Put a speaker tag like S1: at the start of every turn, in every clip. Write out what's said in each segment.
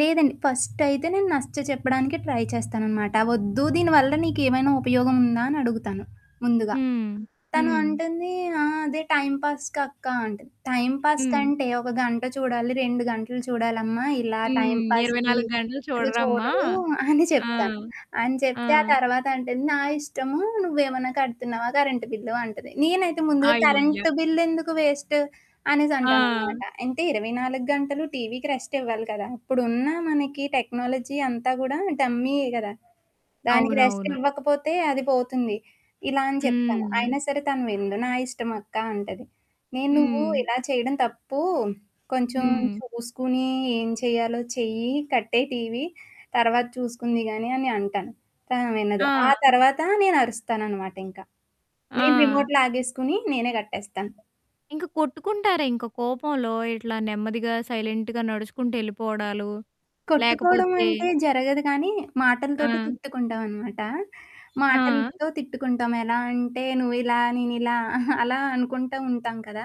S1: లేదండి. ఫస్టయితే, నేను నచ్చ చెప్పడానినికే ట్రై చేస్తాననమాట. ఒద్దు, దీనివల్ల నీకేమైనా ఉపయోగం ఉందా? అనడుగుతాను. ముందుగా.
S2: హ్మ్.
S1: తను
S2: హ్మ్.
S1: అంటుంది ఆ! అదే, టైంపాస్‌కక్క అంట టైంపాస్
S2: హ్మ్.
S1: కంటే ఒక గంట చూడాలి, 2 గంటలు చూడాలమ్మా. ఇలా
S2: హ్మ్. ఇరవై
S1: టైంపాస్‌కి,
S2: నాలుగు గంటలు
S1: ఇలా
S2: చూడరమ్మా.
S1: చూడరు. అని
S2: ఆ!
S1: చెప్తాను. అని
S2: ఆ!
S1: చెప్తే, ఆ తర్వాతంటుంది, "నా ఇష్టము, నువ్వేమన్నా కడుతున్నావా కరెంట్ బిల్లు" అంటది. నేనైతే ముందుగా
S2: అయ్య!
S1: కరెంట్ బిల్లెందుకు వేస్ట్, అనేసి అంటాననమాట.
S2: ఆ!
S1: అంటే, 24 గంటలు టీవీకి రెస్ట్ ఇవ్వాలి కదా! అప్పుడున్న మనకి టెక్నాలజీ అంతా కూడా టమ్మీయే కదా! దానికి
S2: అవునవును.
S1: రెస్టివ్వకపోతే అది పోతుంది. ఇలా అని చెప్తాను.
S2: హ్మ్.
S1: అయినా సరే తను విందు. "నా ఇష్టమక్క" అంటది. నేను నువ్వు
S2: హ్మ్.
S1: ఇలా చేయడం తప్పు. కొంచెం
S2: హ్మ్.
S1: చూసుకని, ఏం చేయాలో చెయ్యి, కట్టేయి టీవీ. తర్వాత చూసుకుంది గాని అని అంటాను. కానీ, ఆమె వినదు. ఆ
S2: ఆ!
S1: తర్వాత, నేనరుస్తాననమాటింక. నేను
S2: ఆ!
S1: రిమోట్‌ లాగేసుకొని, నేనే కట్టేస్తాను.
S2: ఇంక కొట్టుకుంటారా ఇంకా కోపంలో ఇట్లా నెమ్మదిగా సైలెంట్‌గా నడుచుకుంటూ ఎళ్ళిపోవడాలు. లేకపోతే
S1: కొట్టుకోవడమంటే జరగదు కానీ, మాటలతోటి
S2: ఆ!
S1: తిట్టుకుంటామనమాట.
S2: ఆ!
S1: మాటలతో తిట్టుకుంటాం. ఎలాంటే నువ్విలా, నేనిలా అలా అనుకుంటా ఉంటాం కదా!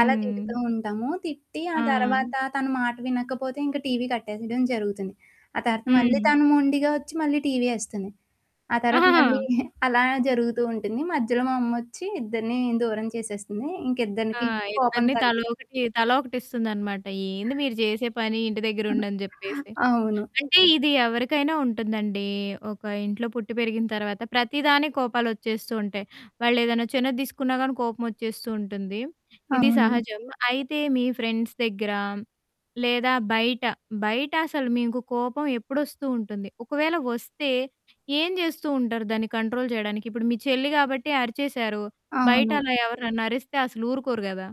S1: అలా తిడుతూ ఉంటాము. తిట్టి, ఆ
S2: ఆ!
S1: తర్వాత తను మాట వినకపోతే, ఇంక టీవీ కట్టేసేయడం జరుగుతుంది. ఆ తరత మళ్ళీ
S2: హ్మ్.
S1: తను మొండిగా ఒచ్చి, మళ్ళీ టీవీ ఏస్తుంది. ఆ తర్వాత
S2: ఆహహా!
S1: మళ్ళీ అలా జరుగుతూ ఉంటుంది. మధ్యలో మా అమ్మోచ్చి, ఇద్దరిని దూరం చేసేస్తుంది. ఇంక
S2: ఆ!
S1: ఇద్దరికి కోపం
S2: ఇద్దరిని
S1: తగ్గి
S2: తలోకటి తలోకటిస్తుందనమాట. ఏంది మీరు జేసే పని, ఇంటి దగ్గర ఉండని జెప్పేసి.
S1: అవును.
S2: అంటే, ఇది ఎవరికైనా ఉంటుందండి. ఒక ఇంట్లో పుట్టి పెరిగిన తర్వాత, ప్రతిదానికి కోపాలొచ్చేస్తూంటాయి. వాళ్ళేదైనా చిన్నది దీసుకున్నా గాని కోపమోచ్చేస్తూంటుంది. ఇది
S1: అవును.
S2: సహజం. అయితే మీ ఫ్రెండ్స్ దగ్గర, లేదా బయట బయటసలు మీకు కోపం ఎప్పుడొస్తూంటుంది? ఒకవేళ ఒస్తే, ఏం జేస్తూంటారు, దాన్ని కంట్రోల్ జేయడానికి. ఇప్పుడు మీ చెల్లి గాబట్టి అరిచేశారు. బయట
S1: అవును.
S2: అలా ఎవరినన్నా అరిస్తే, అసలు ఊరుకోరు గదా!